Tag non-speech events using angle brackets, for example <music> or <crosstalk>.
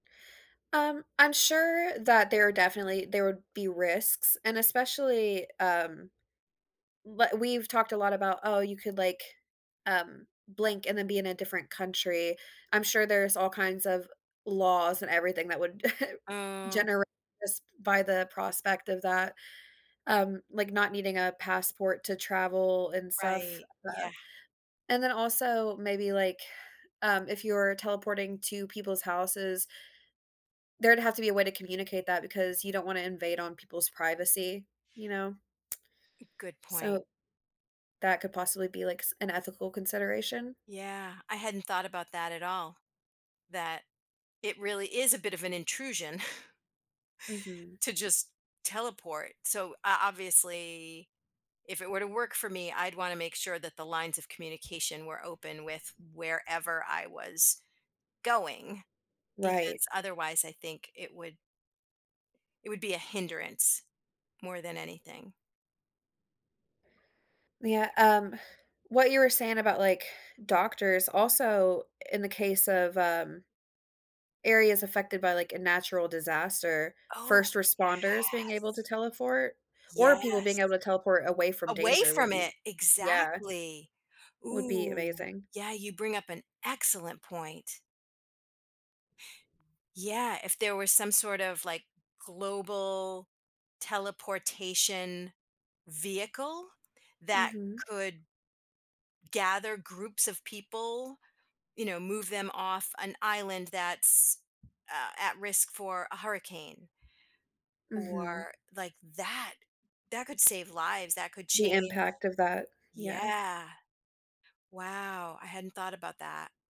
Um, I'm sure that there are definitely there would be risks, and especially, um, w we've talked a lot about, "Oh, you could, like, um, blink, and then be in a different country," I'm sure there's all kinds of laws, and everything that would <chuckles> Oh. generate sp by the prospect of that, um, like not needing a passport to travel, and stuff, Right, uh, yeah. and then, also maybe, like, um, if you're teleporting to people's houses there'd have to be a way to communicate that because you don't wanna invade on people's privacy, you know? Good point. So, that could possibly be, like, s an ethical consideration. Yeah, I hadn't thought about that at all, that it really is a bit of an intrusion <chuckles> Mhm. to just teleport. So, uh, obviously, if it were to work for me, I'd wanna make sure that the lines of communication were open with wherever I was going, Right. because, otherwise, I think it would it would be a hindrance more than anything. Yeah, um, what you were saying about, like, doctors, also, in the case of, um, areas affected by, like, a natural disaster, Oh, first yes. responders being able to teleport, or people Yes, being able to teleport away from away danger would from be it, yeah exactly. would be Ooh, amazing. yeah, you bring up an excellent point. Yeah, if there was some sort of, like, global teleportation vehicle that Mhm. could gather groups of people, you know, move them off an island that's, uh, at risk for a hurricane Mhm. or like that, that could save lives, that could The change impact of that, yeah. yeah. Wow, I hadn't thought about that.